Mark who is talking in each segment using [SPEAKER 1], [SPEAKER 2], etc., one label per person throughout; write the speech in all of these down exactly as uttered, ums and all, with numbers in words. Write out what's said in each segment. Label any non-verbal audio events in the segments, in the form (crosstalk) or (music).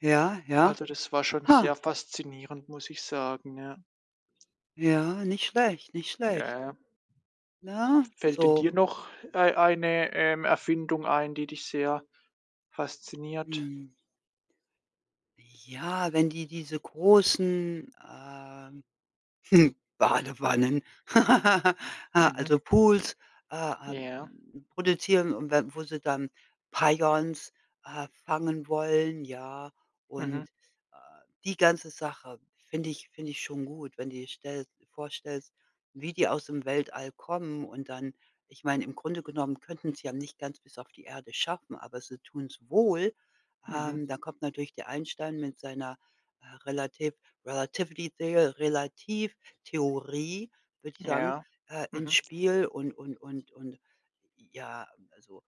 [SPEAKER 1] Ja, ja.
[SPEAKER 2] Also, das war schon
[SPEAKER 1] Ha.
[SPEAKER 2] sehr faszinierend, muss ich sagen, ja.
[SPEAKER 1] Ja, nicht schlecht, nicht
[SPEAKER 2] Ja,
[SPEAKER 1] schlecht.
[SPEAKER 2] ja, ja.
[SPEAKER 1] Na,
[SPEAKER 2] Fällt denn
[SPEAKER 1] so.
[SPEAKER 2] dir noch ei eine, ähm, Erfindung ein, die dich sehr fasziniert?
[SPEAKER 1] Mhm. Ja, wenn die diese großen, ähm, (chuckles) Badewannen, (laughs)
[SPEAKER 2] Mhm.
[SPEAKER 1] also, Pools, äh, ähm,
[SPEAKER 2] Ja.
[SPEAKER 1] produzieren und wenn wo sie dann (unintelligible) äh, fangen wollen, ja.
[SPEAKER 2] Mhm.
[SPEAKER 1] Und, äh, die ganze Sache finde ich finde ich schon gut, wenn die stell du vorstellst, wie die aus dem Weltall kommen und dann ich meine, im Grunde genommen könnten sie ja nicht ganz bis auf die Erde schaffen, aber sie tun's wohl,
[SPEAKER 2] Mhm.
[SPEAKER 1] ähm, da kommt natürlich der Einstein mit seiner, äh, relativ relativity theo Retativtheorie würde ich sagen,
[SPEAKER 2] Ja.
[SPEAKER 1] äh, ins
[SPEAKER 2] Mhm.
[SPEAKER 1] Spiel und und und und ja, also,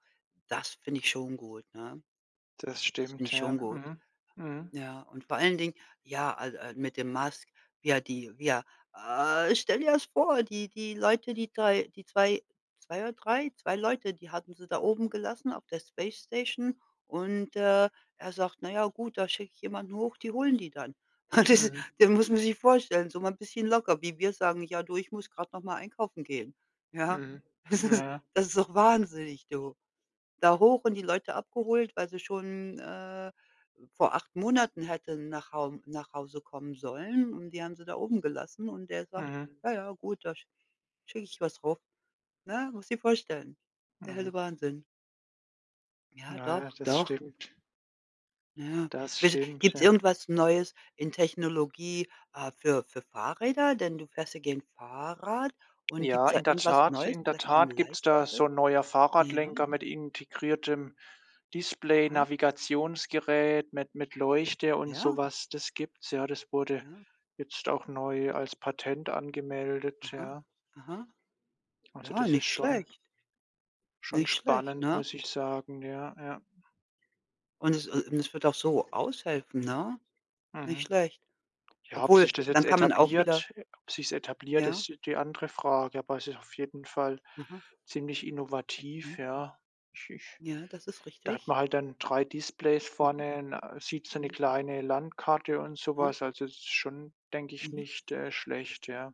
[SPEAKER 1] das finde ich schon gut, ne?
[SPEAKER 2] Das
[SPEAKER 1] Das finde
[SPEAKER 2] stimmt,
[SPEAKER 1] ich
[SPEAKER 2] ja.
[SPEAKER 1] schon gut,
[SPEAKER 2] Mhm, mhm.
[SPEAKER 1] ja. Und vor allen Dingen, ja, al al mit dem Musk, ja, die ja, äh, stell dir das vor, die die Leute, die zwei, die zwei, zwei oder drei, zwei Leute, die hatten sie da oben gelassen auf der Space Station und, äh, er sagt: „Na ja, gut, da schicke ich jemanden hoch, die holen die dann.“ (chuckles) Das
[SPEAKER 2] Mhm.
[SPEAKER 1] das muss man sich vorstellen, so mal 'n bisschen locker, wie wir sagen: „Ja du, ich muss grad noch mal einkaufen gehen.“ ja?
[SPEAKER 2] Mhm,
[SPEAKER 1] Das
[SPEAKER 2] ja,
[SPEAKER 1] ist
[SPEAKER 2] ja.
[SPEAKER 1] das ist doch wahnsinnig, du. Da hoch und die Leute abgeholt, weil sie schon, äh, vor acht Monaten hätten nach Haum nach Hause kommen sollen und die haben sie da oben gelassen und der sagt:
[SPEAKER 2] Mhm.
[SPEAKER 1] „Ja, ja, gut, da sch schicke ich was rauf.“ ne? Musst du dir vorstellen. Der helle
[SPEAKER 2] Mhm.
[SPEAKER 1] Wahnsinn. Ja,
[SPEAKER 2] Ja, ja,
[SPEAKER 1] doch,
[SPEAKER 2] das
[SPEAKER 1] doch.
[SPEAKER 2] stimmt.
[SPEAKER 1] Ja.
[SPEAKER 2] Das
[SPEAKER 1] Wisse
[SPEAKER 2] stimmt,
[SPEAKER 1] gibt's
[SPEAKER 2] ja.
[SPEAKER 1] irgendwas Neues in Technologie, äh, für für Fahrräder, denn du fährst ja gerne Fahrrad und gibt's
[SPEAKER 2] Ja,
[SPEAKER 1] da
[SPEAKER 2] in der
[SPEAKER 1] irgendwas
[SPEAKER 2] Tat
[SPEAKER 1] Neues,
[SPEAKER 2] in der
[SPEAKER 1] vielleicht ein
[SPEAKER 2] Tat gibt's da
[SPEAKER 1] leichteres?
[SPEAKER 2] so 'n neuer
[SPEAKER 1] Ja.
[SPEAKER 2] Fahrradlenker mit integriertem
[SPEAKER 1] Aha.
[SPEAKER 2] Display-Navigationsgerät, mit mit Leuchte und so
[SPEAKER 1] Ja.
[SPEAKER 2] was. Das gibt's, ja, das wurde
[SPEAKER 1] Ja.
[SPEAKER 2] jetzt auch neu als Patent angemeldet,
[SPEAKER 1] Aha,
[SPEAKER 2] ja.
[SPEAKER 1] aha.
[SPEAKER 2] Also,
[SPEAKER 1] Ja.
[SPEAKER 2] das ist
[SPEAKER 1] Nicht
[SPEAKER 2] schon
[SPEAKER 1] schlecht.
[SPEAKER 2] schon
[SPEAKER 1] Nicht schlecht,
[SPEAKER 2] spannend,
[SPEAKER 1] ne?
[SPEAKER 2] muss ich sagen. Ja, ja.
[SPEAKER 1] Und es und es würde auch so aushelfen, ne, nicht
[SPEAKER 2] Mhm.
[SPEAKER 1] schlecht.
[SPEAKER 2] Ja, ob
[SPEAKER 1] Obwohl,
[SPEAKER 2] sich das jetzt
[SPEAKER 1] dann kann man auch wieder
[SPEAKER 2] etabliert äh, ob sich's etabliert,
[SPEAKER 1] Ja.
[SPEAKER 2] ist die andere Frage. Aber es ist auf jeden Fall
[SPEAKER 1] Aha.
[SPEAKER 2] ziemlich
[SPEAKER 1] Mhm.
[SPEAKER 2] innovativ, ja. Ich ich
[SPEAKER 1] Ja, das ist
[SPEAKER 2] da hat
[SPEAKER 1] richtig.
[SPEAKER 2] man halt dann drei Displays
[SPEAKER 1] Mhm.
[SPEAKER 2] vorne, ne, sieht so 'ne
[SPEAKER 1] Hm.
[SPEAKER 2] kleine Landkarte und so
[SPEAKER 1] Ha.
[SPEAKER 2] was. Also, es ist schon, denke ich,
[SPEAKER 1] Mhm.
[SPEAKER 2] nicht, äh, schlecht, ja.